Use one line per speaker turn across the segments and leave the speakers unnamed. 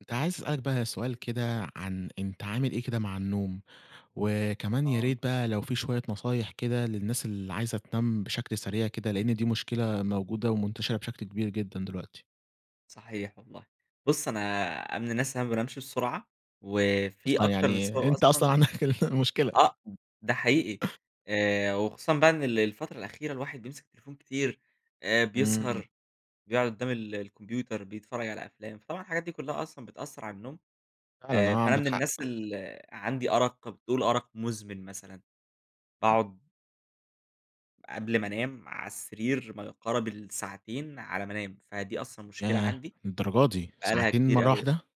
كنت عايز أسألك بقى سؤال كده عن أنت عامل إيه كده مع النوم؟ وكمان يا
آه.
ريت بقى لو في شوية نصايح كده للناس اللي عايزة تنام بشكل سريع كده لأن دي مشكلة موجودة ومنتشرة بشكل كبير جدًا دلوقتي.
صحيح والله. بُص أنا من الناس اللي مابنامش بسرعة وفي
أصلًا
أكتر من
يعني
سبب
أنت أصلًا
أصلًا،
عندك المشكلة.
آه ب ده حقيقي آآ وخصوصًا بقى إن ال الفترة الأخيرة الواحد بيمسك التليفون كتير آآ،
إمم.
بيسهر بيقعد قدّام ال الكمبيوتر بيتفرج على أفلام فطبعًا الحاجات دي كلّها أصلًا بتأثر على النوم.
فعلًا،
آآ
آه
فأنا
عندك
من الناس
حق.
اللي عندي أرق [unintelligible] أرق مزمن. مثلًاً باقعد قبل ما أنام على السرير ما يقارب الساعتين على ما أنام، فدي أصلًا مشكلة
ياه!
عندي،
للدرجة دي
بقى لها
ساعتين
كتير
مرة
أوي.
واحدة.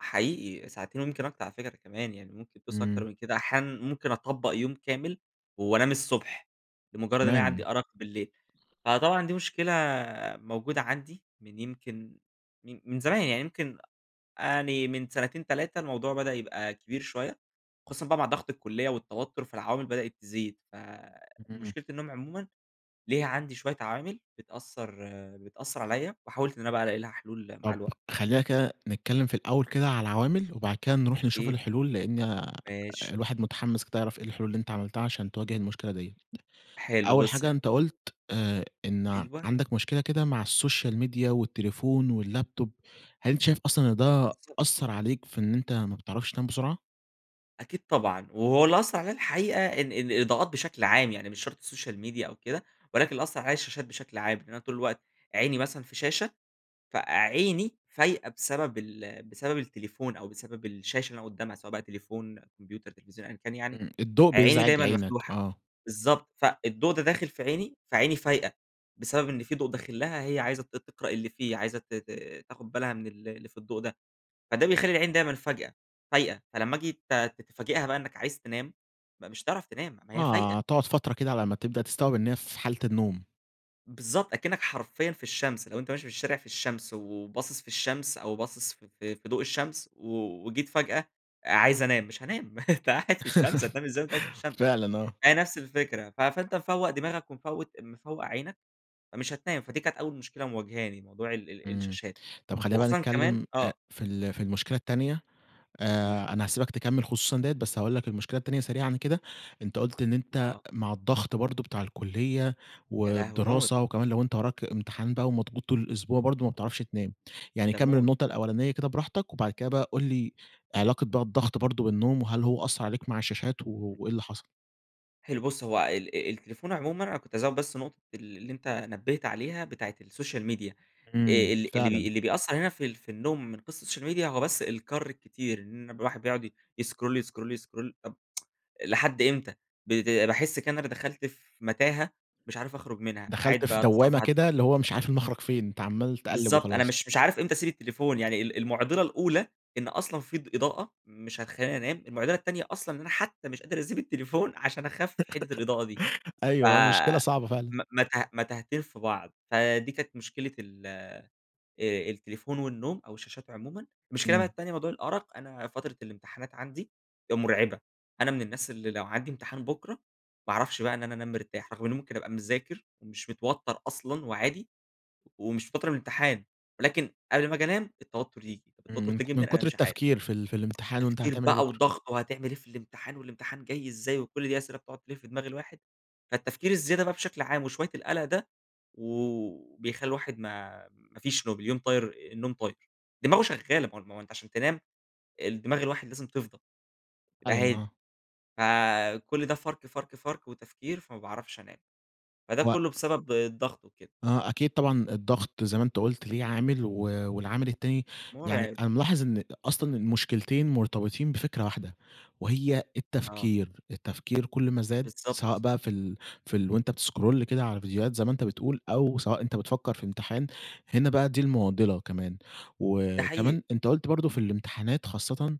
حقيقي ساعتين ويمكن أكتر على فكرة كمان يعني، ممكن توصل أكتر
إمم.
من كده، أحيانًا ممكن أطبق يوم كامل وأنام الصبح لمجرد إن أنا عندي
[unintelligible]
أرق بالليل؛ فطبعًا دي مشكلة موجودة عندي من يمكن من زمان يعني يمكن آآ يعني من سنتين، 3 الموضوع بدأ يبقى كبير شويّة، خصوصًا بقى مع ضغط الكلّية والتوتّر فالعوامل بدأت تزيد؛
إمم.
فمشكلة النوم عمومًا ليها عندي شويّة عوامل بتأثر بتأثر عليَّ وحاولت إن أنا بقى ألاقي لها حلول مع
طب
الوق
خلينا كده نتكلم في الأول كده على العوامل وبعد كده نروح نشوف
أكيد.
الحلول؛ لأن آآ
ماشي.
الواحد متحمس كده يعرف إيه الحلول اللي إنت عملتها عشان تواجه المشكلة ديَّة.
حلو
أول
بُص
حاجة أنت
بقى.
قلت آآ، إن
أيوه.
عندك مشكلة كده مع الsocial media والتليفون والlaptop. هل أنت شايف أصلًا إن ده
بالضبط.
أثر عليك في إن أنت ما بتعرفش تنام بسرعة؟
أكيد طبعًا وهو اللي أثر عليَّ الحقيقة ال ال الإضاءات بشكل عام، يعني مش شرط السوشيال ميديا أو كده، ولكن اللي أثر عليَّ الشاشات بشكل عام، إن أنا طول الوقت عيني مثلًا في شاشة فعيني فايقة بسبب ال بسبب التليفون أو بسبب الشاشة اللي أنا قدامها سواء بقى تليفون، كمبيوتر، تليفزيون أيًا كان يعني،
إمم، الضوء
عيني
بيزعج
دايمًا
عينك،
مفتوحة،
آه.
بالضبط فالضوء ده داخل في عيني، فعيني فايقة بسبب إن في ضوء داخل لها هي عايزة ت تقرأ اللي فيه عايزة ت ت تاخد بالها من ال اللي في الضوء ده. فده بيخلّي العين دايمًا فجأة فايقة فلما آجي ت تفاجئها بقى إنّك عايز تنام م مش هتعرف تنام، ما هي
آه،
فايقة.
تقعد فترة كده على أما تبدأ تستوعب إنها في حالة النوم.
بالضبط أكنك حرفيًا في الشمس، لو أنت ماشي في الشارع في الشمس وباصص في الشمس أو باصص ف ف في ضوء الشمس و وجيت فجأة آآ، عايز أنام، مش هانام، أنت قاعد في الشمس، هتنام إزاي وأنت قاعد في الشمس؟
فعلًا، آه.
هي نفس الفكرة ف فأنت مفوق دماغك ومفوت مفوق عينك، فمش هتنام. فدي كانت أوّل مشكلة مواجهاني موضوع ال ال
إمم،
الشاشات،
طب خلّينا بقى
وخصوصًا كمان
نتكلّم أ
آه.
في ال في المشكلة التانية.
إمم.
آآ، أنا هاسيبك تكمل خصوصًا ديَّة، بس هاقول لك المشكلة التانية سريعًا كده، أنت قلت إن أنت
آه.
مع الضغط برضو بتاع الكلية
يا لهوي موت.
والدراسة وكمان لو أنت وراك امتحان بقى ومضغوط طول الأسبوع برضو ما بتعرفش تنام. يعني
ده
كمّل
موت.
النقطة الأولانية كده براحتك وبعد كده بقى قل لي علاقة بقى الضغط برضو بالنوم، وهل هو أثر عليك مع الشاشات و
[unintelligible]
وإيه اللي حصل؟
حلو بُص هو ال آآ التليفون عمومًا أنا كنت هازود بس نقطة ال اللي أنتَ نبِّهت عليها بتاعة الsocial media. آآ،
امم،
ال اللي بي
فعلًا.
اللي بيأثر هنا في ال في النوم من قِصة الsocial media هو بس الكَر الكتير، إن بيبقى الواحد بيقعد ي يسكرول يسكرول يسكرول طب لحد إمتى؟ بت باحس كده إن أنا ب دخلت في متاهة مش عارف أخرج منها،
دخلت
قاعد
في دوامة
باتصفح،
كده،
أتصفح.
اللي هو مش عارف المخرَج فين، أنتَ عمّال تقَلِب
بالضبط أنا
وخلاص.
مش مش عارف إمتى أسيب التليفون، يعني ال المعضلة الأولى إن أصلًا في ض إضاءة مش هتخليني أنام، المعضلة التانية أصلًا أنا حتى مش قادر أسيب التليفون عشان أخفف حِدِّة الإضاءة دي. ف
أيوه آه، مشكلة صعبة فعلًا.
م متاه متاهتين في بعض، فدي كانت مشكلة ال آآ، التليفون والنوم أو الشاشات عمومًا. المشكلة بقى
امم.
التانية موضوع الأرق، أنا فترة الامتحانات عندي آآ مرعبة. أنا من الناس اللي لو عندي امتحان بكرة ما أعرفش بقى إن أنا أنام مرتاح، رغم إني ممكن أبقى مذاكر ومش متوتر أصلًا وعادي. ومش متوتر من الامتحان، ولكن قبل ما آجي أنام التوتر ييجي، طب
امم،
التوتر
من
ده جه
ك من
منين أنا
كتر
مش عارف.
التفكير في ال في الامتحان وأنتَ
تفكير
هتعمل إيه
بقى
بكره.
وضغط، وهتعمل إيه في الامتحان؟ والامتحان جاي إزاي؟ وكل دي أسئلة بتقعد تلف في دماغ الواحد. فالتفكير الزيادة بقى بشكل عام وشوية القلق ده و بيخلي الواحد ما ما فيش نوم، اليوم طاير النوم طاير. دماغه شغالة، ما هو الم ما هو أنتَ عشان تنام الدماغ الواحد لازم تفضى، تبقى
فعلًا،
هادي.
آه.
فكل ده فَرْك، فَرْك، فَرْك وتفكير، فما باعرفش أنام، فده
هو
كله بسبب الضغط وكده.
آه، أكيد طبعًا الضغط زي ما أنتَ قُلت ليه عامل. و والعامل التاني، يعني
مُرعِب.
أنا ملاحظ إن أ أصلًا المشكلتين مرتبطين بفكرة واحدة، وهي
آه.
التفكير. التفكير كل ما زاد سواء
بالضبط.
بقى في ال في ال وأنتَ بتسكرول كده على فيديوهات زي ما أنتَ بتقول أو سواء أنتَ بتفكر في إمتحان، هنا بقى دي المعضلة كمان.
ده حقيقي.
وكمان أنتَ قُلت برضه في الإمتحانات خاصةً،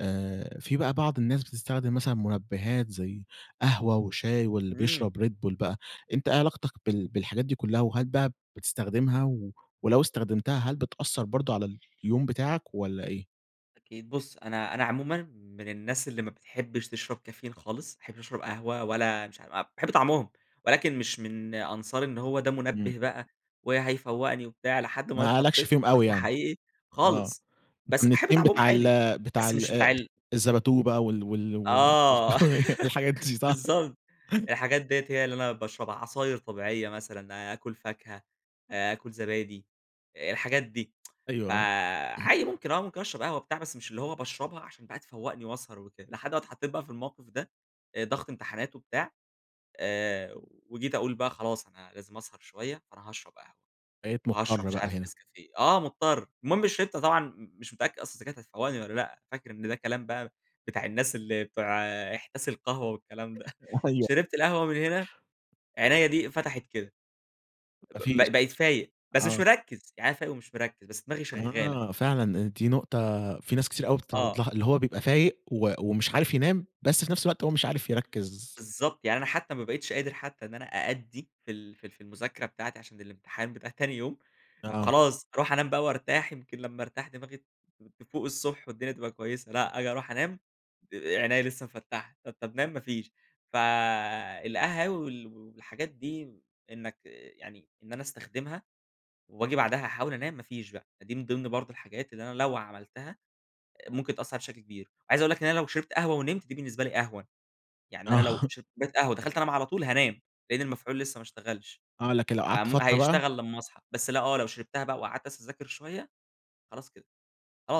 آآ، في بقى بعض الناس بتستخدم مثلًا منبهات زي قهوة وشاي واللي
امم.
بيشرب Red Bull بقى. أنتَ إيه علاقتك بال بالحاجات دي كلها، وهل بقى بتستخدمها و ولو إستخدمتها هل بتأثر برضه على اليوم بتاعك والّا إيه؟
أكيد بُص أنا أنا عمومًا من الناس اللي ما بتحبش تشرب كافيين خالص، ما أحبش أشرب قهوة ولا مش ع أ باحب طعمهم ولكن مش من أنصار إن هو ده
امم.
مُنبِه بقى، وهيفوقني وبتاع لحد ما
ما لكش
اتحطيت في
فيهم أوي
ضغط
يعني.
حقيقي
آه
خالص.
أنت
بس
من
أحب
التيم
طعمهم
بتاع
عادي،
ال بتاع
بس
ال
مش
آآ
بتاع ال
الزبادو بقى وال وال و
آه،
[unintelligible] والحاجات دي صح؟
بالضبط الحاجات ديَّة هي اللي أنا باشربها، عصاير طبيعية مثلًا آآ آكل فاكهة، آآ آكل زبادي، الحاجات دي
أيوه، آه
فعادي ممكن آه، ممكن أشرب قهوة بتاع بس مش اللي هو باشربها عشان بقى تفوقني وأسهر وكده، لحد ما اتحطيت بقى في الموقف ده، آآ ضغط امتحانات وبتاع آآ وجيت أقول بقى خلاص أنا لازم أسهر شوية فأنا هاشرب قهوة،
بقيت
وهاشرب
مُضطر
مش
بقى
عارف
هنا.
نسكافيه آه مضطر. المهم شربت طبعًا م مش متأكد أصلًا إذ كانت هتفوقني والّا لأ فاكر إن ده كلام بقى بتاع الناس اللي بتوع احتسي القهوة والكلام ده
أيوه
شربت القهوة من هنا، عينيا دي انفتحت كده
ما
ب
فيش
ب بقيت فايق بس مش
اَه.
مركز، يعني أنا فايق ومش مركز بس دماغي شغالة.
آه، فعلًا دي نقطة في ناس كتير أوي بتتعرض
آه.
لها، اللي هو بيبقى فايق و ومش عارف ينام بس في نفس الوقت هو مش عارف يركز.
بالضبط يعني أنا حتى ما بقيتش قادر حتى إن أنا أأدي في ال في ال في المذاكرة بتاعتي عشان الامتحان بتاع تاني يوم، طب
آه.
خلاص أروح أنام بقى وارتاح يمكن لما أرتاح دماغي ت تفوق الصبح والدنيا تبقى كويسّة لأ، آجي أروح أنام د عينيا لسه مفَتحة طب طب نام ما فيش، فالقهاوي وال والحاجات دي إنك يعني إن أنا أستخدمها وآجي بعدها أحاول أنام ما فيش بقى فدي من ضمن برضه الحاجات اللي أنا لو عملتها ممكن تأثر عليَّ بشكل كبير، عايز أقول لك إن أنا لو شربت قهوة ونمت دي بالنسبة لي أهون. يعني أنا لو
آه
شربت كوباية قهوة ودخلت أنام على طول هانام، لأن المفعول لسه ما اشتغلش،
آه لكن لو قعدت
فم
فترة بقى.
هيشتغل لما أصحى، بس لأ آه لو شربتها بقى وقعدت أسهر أذاكر شوية خلاص كده.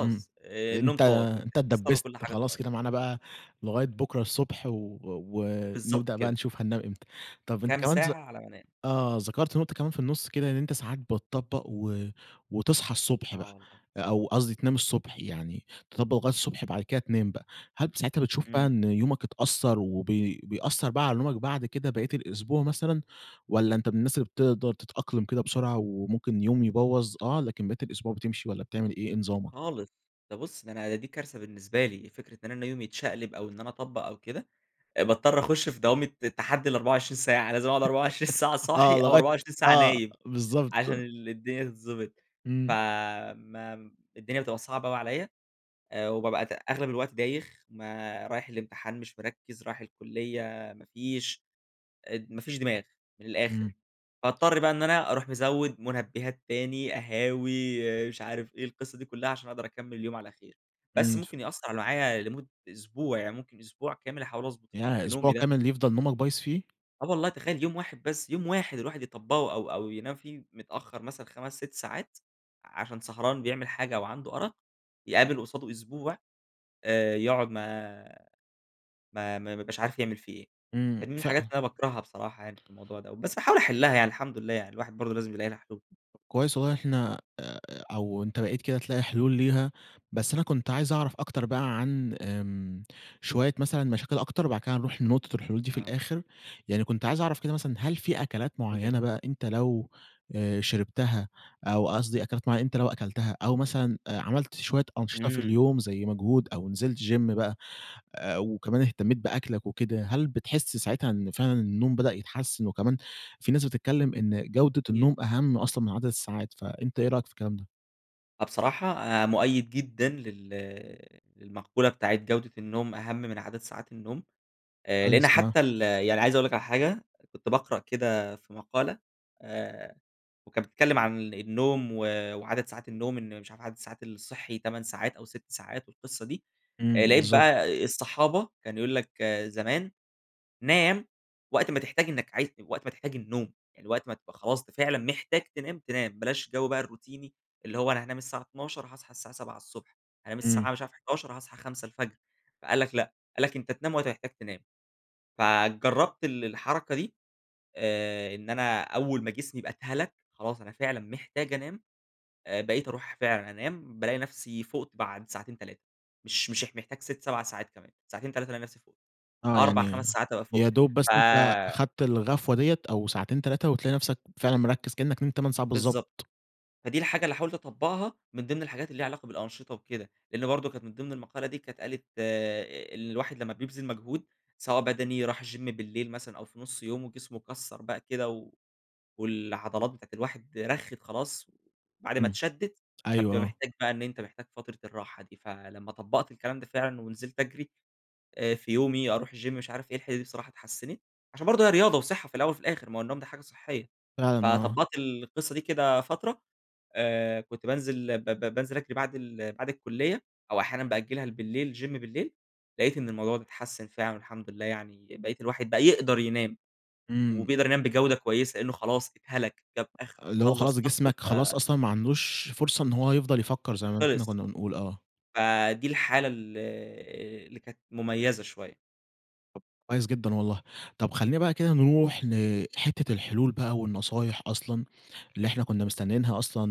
إمم،
آآ النوم
أنت
طار،
أنت
والتركيز طار
اتدبست
وكل حاجة
خلاص
طارت.
كده معانا بقى لغاية بكرة الصبح و و
بالضبط
ونبدأ بقى
كده.
نشوف هننام إمتى. طب أنت
كام
كمان ذ
ساعة على ما أنام.
آه ذكرت نقطة كمان في النص كده إن أنت ساعات بتطبق و وتصحى الصبح
آه
بقى
والله.
آآ أو قصدي تنام الصبح يعني تطبق لغاية الصبح بعد كده تنام بقى، هل ب ساعتها بتشوف بقى
إمم.
إن يومك اتأثر وبي بيأثر بقى على نومك بعد كده باقية الأسبوع مثلًا؟ والّا
أكيد.
أنت من الناس اللي بتقدر تتأقلم كده بسرعة وممكن يوم يبوَظ آه، لكن باقية الأسبوع بتمشي والّا بتعمل إيه؟ إيه نظامك؟
خالص، ده بُص ده أنا دي كارثة بالنسبة لي، فكرة إن أنا يومي يتشقلب أو إن أنا أطبق أو كده، باضطر أخش في دوامة تحدي ال24 ساعة، لازم أقعد 24 ساعة صاحي
آه
أو
لغاية
24 ساعة
آه،
نايم، عشان
بالضبط.
ال الدنيا تتضبط.
امم.
فما ام الدنيا بتبقى صعبة أوي عليَّ، آآ وبابقى ت أغلب الوقت دايخ ما رايح الامتحان مش مركِّز، رايح الكلية ما فيش اد ما فيش دماغ من الآخر.
امم
فاضطر بقى إن أنا أروح مزوِّد مُنبهات تاني قهاوي مش عارف إيه القصة دي كلها عشان أقدر أكمل اليوم على خير. بس
امم ف
ممكن يأثر معايا لمدة أسبوع، يعني ممكن أسبوع كامل أحاول أضبط في
ياه!
في
أسبوع
نومي ده.
كامل يفضل نومك بايظ فيه؟
آه والله، تخيل يوم واحد بس، يوم واحد، الواحد يطبقه أو أو ينام فيه متأخر مثلًا 5، 6 ساعات، عشان سهران بيعمل حاجة أوعنده أرق، يقابل قصاده أسبوع، آآ، يقعد ما ما ما بيبقاش عارف يعمل فيه إيه.
إمم
فاهمني،
فا
الحاجات اللي أنا باكرهها بصراحة يعني في الموضوع دَوَّة. بس باحاول أحلها يعني، الحمد لله يعني، الواحد برضه لازم يلاقي لها حلول.
كويس والله إن إحنا آآ، أو أنت بقيت كده تلاقي حلول ليها. بس أنا كنت عايز أعرف أكتر بقى عن امم، شوية مثلًا مشاكل أكتر وبعد كده هنروح لنقطة الحلول دي في
آه.
الآخر. يعني كنت عايز أعرف كده مثلًا هل في أكلات
كلنا.
معينة بقى أنت لو شربتها أو قصدي أكلات معينة أنت لو أكلتها أو مثلًا، آآ عملت شوية أنشطة في
إمم.
اليوم زي مجهود أو نزلت gym بقى، آآ وكمان اهتميت بأكلك وكده، هل بتحس ساعتها إن فعلًا النوم بدأ يتحسن؟ وكمان في ناس بتتكلم إن جودة
أكيد.
النوم أهم أصلًا من عدد الساعات، فأنت إيه رأيك في الكلام ده؟
آه، بصراحة مؤيد جدًا لل للمقولة بتاعة جودة النوم، أهم من عدد ساعات النوم. آآ، لأن
عايز آه.
حتى ال يعني عايز أقول لك على حاجة، كنت باقرأ كده في مقالة، آآ وكانت بتتكلم عن النوم و وعدد ساعات النوم، إن مش عارف عدد الساعات الصحي 8 ساعات أو 6 ساعات والقصة دي.
امم،
آآ لقيت
بالضبط.
بقى الصحابة، كان يقول لك زمان، نام وقت ما تحتاج إنك عايز تن وقت ما تحتاج النوم، يعني وقت ما تبقى خلاص أنت فعلًا محتاج تنام، تنام، بلاش جو بقى الروتيني؛ اللي هو أنا هانام الساعة 00:00، هاصحى الساعة 7:00 ص، أنام
إمم.
الساعة مش عارف 23:00 هاصحى 5:00 الفجر. فقال لك لأ، قال لك أنت تنام وقت ما تحتاج تنام. فجربت ال الحركة دي، آآ إن أنا أول ما جسمي يبقى اتهَلَك، خلاص أنا فعلًا محتاج أنام، آآ بقيت أروح فعلًا أنام، بالاقي نفسي فُقت بعد ساعتين، 3، مش مش اح محتاج 6، 7 ساعات كمان. ساعتين، 3 ألاقي نفسي فُقت،
آه،
4،
يعني
5 ساعات أبقى
يا
فُقت.
دوب بس
ف
أنت أخدت الغفوة دِيَّة أو ساعتين، 3 وتلاقي نفسك فعلًا مركز، كأنك نمت 8 ساعات
بالضبط،
بالضبط.
فدي الحاجة اللي حاولت أطبقها من ضمن الحاجات اللي ليها علاقة بالأنشطة وكده. لأن برضه كانت من ضمن المقالة دي كانت قالت إن الواحد لمّا بيبذل مجهود سواء بدني، راح الgym بالليل مثلًا أو في نص يومه وجسمه كَسّر بقى كده و والعضلات بتاعة الواحد رَخِّت خلاص، وبعد ما
امم،
اتشدِّت،
أيوه
فبتبقى
آه.
محتاج بقى إن أنت محتاج فترة الراحة دي. فلمّا طبقت الكلام ده فعلًا ونزلت أجري، آآ، في يومي أروح الgym مش عارف إيه، الحتة دي الصراحة اتحسنت، عشان برضه هي رياضة وصحة في الأول وفي الآخر، ما هو النوم ده حاجة صحية.
فعلًا، آه.
فطبقت القصة دي كده فترة، آآ كنت بانزل ب ب بانزل أجري بعد ال بعد الكلية أو أحيانًا بأجلها لبالليل gym بالليل، لقيت إن الموضوع ده اتحسن فعلًا والحمد لله يعني بقيت الواحد بقى يقدر ينام،
إمم.
وبيقدر ينام بجودة كويسة، لأنه خلاص اتهلك، جاب آخره
اللي هو
وخلص
خلاص
طاقته
جسمك خلاص
ف
أصلًا ما عندوش فرصة إن هو يفضل يفكر زي ما أن إحنا
خلص.
كنا بنقول، آه.
فدي الحالة ال اللي كانت مميزة شوية.
طب كويس جدًا والله، طب خلينا بقى كده نروح لحتة الحلول بقى والنصايح أصلًا اللي إحنا كنا مستنينها أصلًا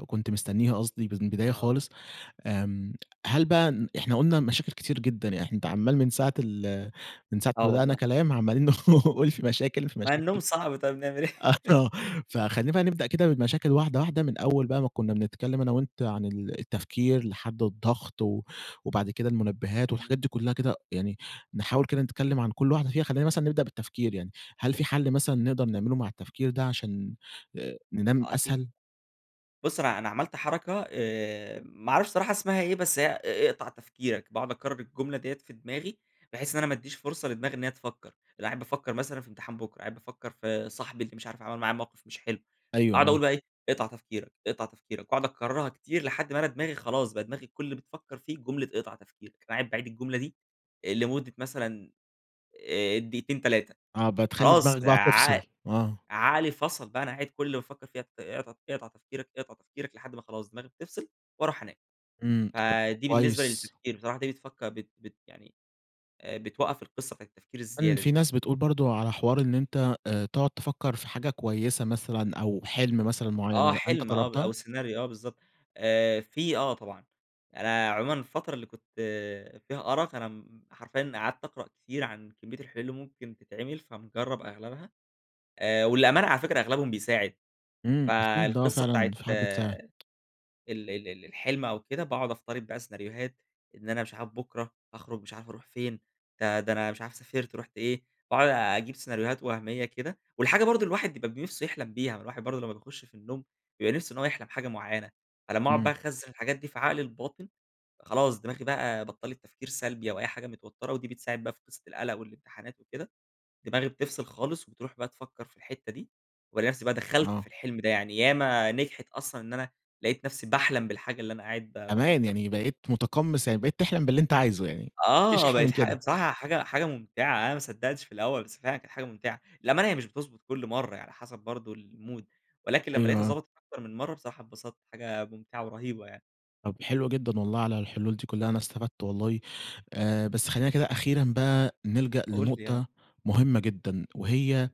م كنت مستنيها قصدي ب من البداية
آه.
خالص، آمم هل بقى ن إحنا قلنا مشاكل كتير جدًا، يعني إحن أنتَ عمَّال من ساعة ال من ساعة
آه
ما بدأنا
والله.
كلام عمالين نقول في مشاكل في
ما النوم
مشاكل
صعب طيب، نعمل
آه، ف
إيه؟
فخلينا بقى نبدأ كده بالمشاكل واحدة واحدة، من أول بقى ما كنا بنتكلم أنا وأنتَ عن ال التفكير لحد الضغط و وبعد كده المنبهات
امم.
والحاجات دي كلها كده، يعني نحاول كده نتكلم عن كل واحدة فيها. خلينا مثلًا نبدأ بالتفكير يعني، هل في حل مثلًا نقدر نعمله مع التفكير ده عشان آآ، ننام
آه، أكيد.
أسهل؟
بُص، أنا أنا عملت حركة آآ، ما أعرفش الصراحة اسمها إيه، بس هي ا اقطع تفكيرك، باقعد أكرر الجملة ديّة في دماغي بحيث إن أنا ما اديش فرصة لدماغي إن هي تفكر. بابقى قاعد بافكر مثلًا في امتحان بكره، قاعد بافكر في صاحبي اللي مش عارف عمل معايا موقف مش حلو،
أيوه،
أقعد
آه.
أقول بقى إيه، أقطع تفكيرك، أقطع تفكيرك وأقعد أكررها كتير لحد ما أنا دماغي خلاص، بقى دماغي كل اللي بتفكر فيه جملة اقطع تفكيرك. فقاعد باعيد الجملة دي، آآ، لمدة مثلًا، آآ، دقيقتين، 3
آه، بتخلي
خلاص
دماغك بقى
ع
تفصل، آه.
عقلي فصل بقى أنا قاعد كل اللي بافكر في ت اقطع ت اقطع تفكيرك، أقطع تفكيرك لحد ما خلاص دماغي بتفصل وأروح أنام.
امم، طب ك
فدي بالنسبة
كويس.
للتفكير، بصراحة دي بتفكر بت بت يعني آآ، بتوقَّف القِصة نبتاعة التفكير
كمان
الزيادة
في
دي.
ناس بتقول برضو على حوار إن أنتَ آآ تقعد تفكر في حاجة كويسة مثلَا أو حلم مثلًا معين،
آه،
هل أنتَ
حلم آه، ب
جربتها؟
أو سيناريو آه، بالضبط. آآ، في آه، طبعًا. أنا عمومًا الفترة اللي كنت فيها أرق أنا م م حرفيًا قعدت أقرأ كتير عن كمية الحلول اللي ممكن تتعمل فمجرب أغلبها، آآ، وللأمانة على فكرة أغلبهم بيساعد.
امم أكيد، آه
فالقِصة
فعلًا
بتاعة
في حاجات
ال
بتساعد.
ال ال الحلم أو كده باقعد أفترض بقى سيناريوهات إن أنا مش عارف بكره هاخرج مش عارف أروح فين، ده ده أنا مش عارف سافرت رُحت إيه، باقعد أجيب سيناريوهات وهمية كده، والحاجة برضو اللي الواحد بيبقى ب نِفسه يحلم بيها ما الواحد برضو لما بيخش في النوم بيبقى نِفسه إن هو يحلم حاجة معينة، على ما أقعد بقى
امم.
أخزن الحاجات دي في عقلي الباطن، خلاص دماغي بقى بطلت تفكير سلبي أو أي حاجة متوترة ودي بتساعد بقى في قصة القلق والامتحانات وكده، دماغي بتفصل خالص وبتروح بقى تفكر في الحتة دي. وألاقي نفسي بقى دخلت في
آه.
الحلم ده يعني ياما نجحت أصلًا إن أنا لاقيت نفسي باحلم بالحاجة اللي أنا قاعد ب
أمان
بافكر
يعني
فيها.
بقيت متقمص يعني بقيت تحلم باللي أنتَ عايزه يعني، مفيش
آه
أحلى
بقت
من
ح
كده.
بصراحة حاجة حاجة ممتعة، أنا ما صدقتش في الأول، بس فعلًا كانت حاجة ممتعة. للأمانة هي مش بتضبط كل مرّة هي على حسب برضو المود، ولكن لما لاقيتها
أيوه آه.
ضبطت أكتر من مرّة بصراحة اتبسطت، حاجة ممتعة ورهيبة يعني.
طب حلوة جدًا والله على الحلول دي كلها أنا استفدت والله، آآ بس خلينا كده أخيرًا بقى نلجأ
قُل لي.
لنقطة مهمة جدًا وهي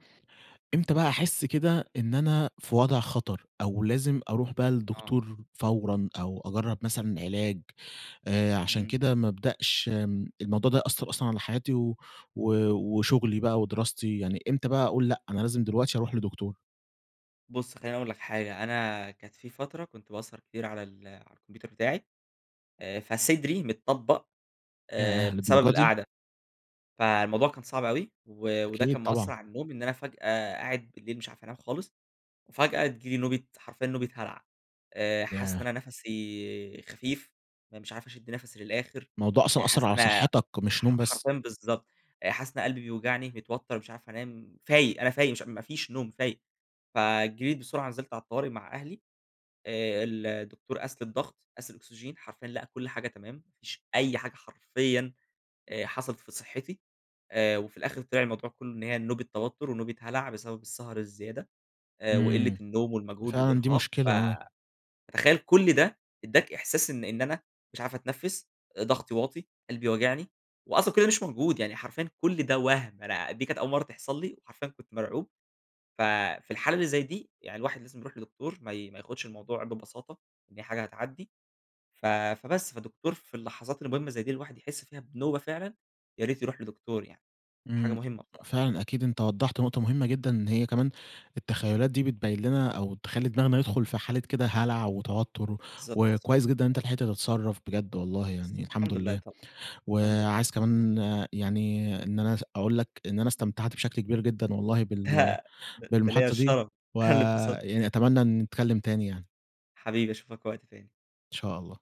إمتى بقى أحس كده إن أنا في وضع خطر، أو لازم أروح بقى
آه.
للدكتور فورًا، أو أجرَّب مثلًا علاج، آآ، عشان
امم.
كده ما أبدأش، آمم، الموضوع ده يأثَّر أصلًا على حياتي و و وشغلي بقى ودراستي يعني إمتى بقى أقول لأ، أنا لازم دلوقتي أروح لدكتور؟
بُص خليني أقُول لك حاجة، أنا كانت في فترة كنت باسهر كتير على ال على الكمبيوتر بتاعي، آآ فصدري متطبق آآ
ياه!
بسبب
للدرجة دي؟
القعدة. فالموضوع كان صعب أوي، و وده
أكيد
كان مأثَّر
طبعًا.
على النوم إن أنا فجأة قاعد بالليل مش عارف أنام خالص، وفجأة تيجي لي نوبة حرفيًا نوبة هَلَع. آآ حاسس إن
ياه.
أنا نَفَسي خفيف، أنا مش عارف أشد نَفَسي للآخر،
الموضوع أصلًا
آآ
أثَّر
حاسس
على
إن انا
صحتك مش
ح ح
نوم بس؟
حرفيًا بالضبط، آآ حاسس إن أنا قلبي بيوجعني، متوتر مش عارف أنام، فايق أنا فايق مش ما فيش نوم فايق. فجريت بسرعة نزلت على الطوارئ مع أهلي، آآ الدكتور قاس لي الضغط، قاس الأكسجين، حرفيًا لقى كل حاجة تمام، ما فيش أي حاجة حرفيًا آآ حصلت في صحتي. آآ وفي الآخر طلع الموضوع كله إن هي نوبة توتر، ونوبة هَلَع بسبب السهر الزيادة. آآ
امم.
وقلة النوم
دي
والمجهود
فعلًا دي
والإرهاق، ف
مشكلة آه.
فتخيل كل ده اداك إحساس إن أنا مش عارف أتنفس، آآ ضغطي واطي، قلبي واجعني، وأصلًا كل ده مش موجود، يعني حرفيًا كل ده وَهْم أنا دي كانت أول مرّة تحصل لي، وحرفيًا كنت مرعوب ف في الحالة اللي زي دي يعني الواحد لازم يروح لدكتور ما ي ما ياخدش الموضوع ببساطة، إن هي حاجة هتعدي ف فبس، فالدكتور في اللحظات المهمة زي دي الواحد يحس فيها بنوبة فعلًا يا ريت يروح لدكتور يعني، حاجة
امم
مهمة بصراحة.
فعلًا أكيد أنتَ وضَّحت نقطة مهمة جدًا، إن هي كمان التخيلات دي بتبيِّن لنا أو تخلّي دماغنا يدخل في حالة كده هلع وتوتر و
بالضبط.
وكويس جدًا إن أنتَ لحقت تتصرف بجد والله
بالضب
يعني الحمد
الحمد لله
لله.
طبعًا الحمد لله.
وعايز كمان يعني إن أنا اس اقول لك إن أنا استمتعت بشكل كبير جدًا والله
ده
بال
د ده ليّا
بالمحادثة دي
الشرف، أنا اللى اتبسطت
ويعني أتمنى نتكلم تاني يعني.
حبيبي أشوفك وقت تاني.
إن شاء الله.